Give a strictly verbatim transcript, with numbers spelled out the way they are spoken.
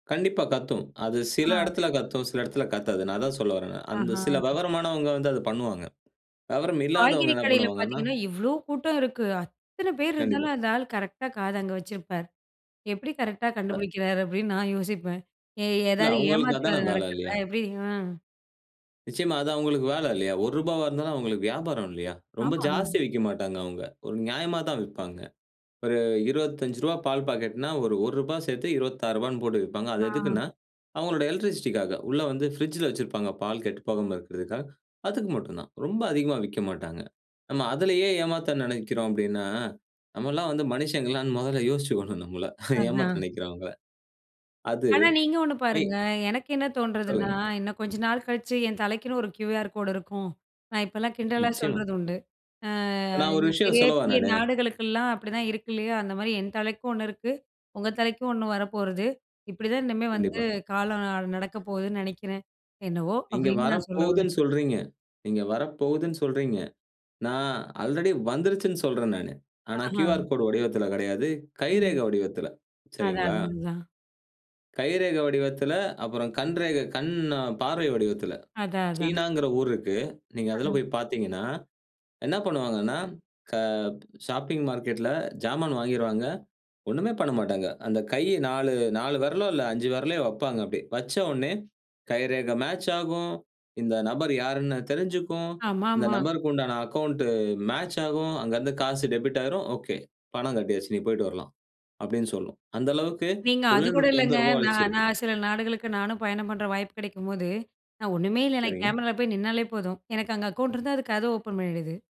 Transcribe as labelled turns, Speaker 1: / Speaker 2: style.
Speaker 1: கண்டிப்பா கத்தும். அது சில
Speaker 2: ஆ.
Speaker 1: இடத்துல கத்தும், சில இடத்துல கத்தாது. நான் அதான் சொல்ல வரேன் நான். அந்த
Speaker 2: ஆஹா!
Speaker 1: சில வெவரமானவங்க வந்து அத பண்ணுவாங்க. விவரம் இல்லாதவங்க
Speaker 2: காய்கறி
Speaker 1: என்ன
Speaker 2: கடையில
Speaker 1: பண்ணுவாங்கன்னா,
Speaker 2: பாத்தீங்கன்னா, எவ்ளோ கூட்டம் இருக்கு அத்தன பேர்
Speaker 1: கண்டிப்பா.
Speaker 2: இருந்தாலும் அந்த ஆள் கரெக்ட்டா காது அங்க வச்சிருப்பார். எப்பிடி கரெக்ட்டா
Speaker 1: அ.
Speaker 2: கண்டுபிடிக்கிறாரு அப்பிடின்னு, நான் யோசிப்பேன். ஏ
Speaker 1: இல்ல
Speaker 2: எதாவது
Speaker 1: அவுங்களுக்கு
Speaker 2: ஏமாத்து
Speaker 1: அதான
Speaker 2: வேல
Speaker 1: வேல
Speaker 2: நடக்குதா?
Speaker 1: இல்லயா!
Speaker 2: எப்பிடி, அ
Speaker 1: நிச்சயமா. அது அவுங்களுக்கு வேல இல்லயா! ஒரு ரூபா இருந்தாலும் அவுங்களுக்கு வியாபாரம் இல்லயா! ரொம்ப
Speaker 2: ஆமா, அ,
Speaker 1: ஜாஸ்தி விக்க மாட்டாங்க. அவுங்க. ஒரு நியாயமா தான் விப்பாங்க. ஒரு இருபத்தஞ்சு ரூபா பால் பாக்கெட்ன்னா, ஒரு ஒரு ரூபா சேர்த்து இருவத்தாறுரூபான்னு போட்டு விப்பாங்க. அது
Speaker 2: ஆ.
Speaker 1: எதுக்குன்னா அவுங்களோட எலக்ட்ரிசிட்டி காக உள்ள வந்து பிரிட்ஜ்ல வச்சுருப்பாங்க, பால் கெட்டுப்போகாம இருக்கிறதுக்காக. அதுக்கு மட்டும் தான். ரொம்ப அதிகமா விக்க மாட்டாங்க. நம்ம அதுலேயே ஏமாத்த நினைக்கிறோம் அப்பிடின்னா, நம்ம எல்லாம் வந்து மனுஷங்களான்னு முதல்ல யோசிச்சுக்கணும் நம்மள. ஏமாத்த
Speaker 2: அதான்.
Speaker 1: நினைக்கிறவங்கள அது
Speaker 2: ஆனா, நீங்க ஒண்ணு
Speaker 1: ஏய்!
Speaker 2: பாருங்க. எனக்கு என்ன தோண்றதுன்னா,
Speaker 1: சொல்லுங்க.
Speaker 2: இன்னும் கொஞ்ச நாள் கழிச்சு என் தலைக்குன்னு ஒரு கியூஆர் கோடு இருக்கும். நான் இப்பல்லாம் கிண்டலா
Speaker 1: நிச்சயமா.
Speaker 2: சொல்றது உண்டு. ஆ
Speaker 1: நான் ஒரு
Speaker 2: இந்த
Speaker 1: விஷயம்
Speaker 2: பெரிய,
Speaker 1: சொல்லவா!
Speaker 2: பெரிய
Speaker 1: நானு.
Speaker 2: நாடுகளுக்கெல்லாம் அப்பிடிதான் இருக்கு இல்லயா! அந்தமாரி என் தலைக்கும் ஒண்ணு இருக்கு. உங்க தலைக்கும் ஒண்ணு வரப்போறது. இப்பிடிதான் இன்னிமே வந்து
Speaker 1: கண்டிப்பா.
Speaker 2: காலம் அ நடக்க போகுதுன்னு நினைக்கிறேன். என்னவோ
Speaker 1: நீங்க
Speaker 2: அப்பிடின்னு நான் சொல்ல வரேன்.
Speaker 1: வரப்போகுதுன்னு சொல்றீங்க. நீங்க வரப்போகுதுன்னு சொல்றீங்க. நான் ஆல்ரெடி வந்துருச்சுன்னு சொல்றேன் நானு. ஆனா,
Speaker 2: ஆஹா!
Speaker 1: கியூஆர் கோடு வடிவத்தில கிடையாது. கை
Speaker 2: ம்.
Speaker 1: ரேகை வடிவத்தில
Speaker 2: அதான்,
Speaker 1: சரிங்களா?
Speaker 2: அதுதான்.
Speaker 1: கைரேகை வடிவத்தில, அப்புறம் கண் ரேகை, கண் பார்வை வடிவத்தில.
Speaker 2: அதான், அதான்.
Speaker 1: சீனாங்குற ஊர் இருக்கு. நீங்க அதில
Speaker 2: அஹ.
Speaker 1: போய் பார்த்தீங்கன்னா. என்ன பண்ணுவாங்கன்னா, க ஷாப்பிங் மார்க்கெட் ல ஜாமான் வாங்கிருவாங்க. ஒன்னுமே பண்ணமாட்டாங்க. அந்த கை நாலு, நாலு விரலோ, இல்ல அஞ்சு விரலயோ வப்பாங்க. அப்பிடியே வச்ச உடனே கை ரேகை மேட்ச் ஆகும். இந்த நபர் யார்ன்னு தெரிஞ்சுக்கும், இந்த
Speaker 2: ஆமாமா.
Speaker 1: நபருக்கு உண்டான அக்கவுண்ட் மேட்ச் ஆகும், அங்கருந்து காசு டெபிட் ஆயிரும். ஓகே! பணம் கட்டியாச்சு, நீ போயிட்டு வரலாம்! அப்பிடின்னு சொல்லும். அந்த அளவுக்கு
Speaker 2: நீங்க அதுகூட
Speaker 1: தொழில்நுட்பம்
Speaker 2: இல்லங்க!
Speaker 1: வந்து ரொம்ப வளர்ச்சி
Speaker 2: நான்,
Speaker 1: இருக்கு.
Speaker 2: நான் சில நாடுகளுக்கு நானும் பயணம் பண்ற வாய்ப்பு கிடைக்கும்போது, நான் ஒண்ணுமே இல்ல, எனக்கு
Speaker 1: சரிங்க.
Speaker 2: கேமரால போய் நின்னாலே போதும். எனக்கு அங்க அக்கவுண்ட் இருந்தா அது கதவு ஓப்பன் பண்ணிடுது.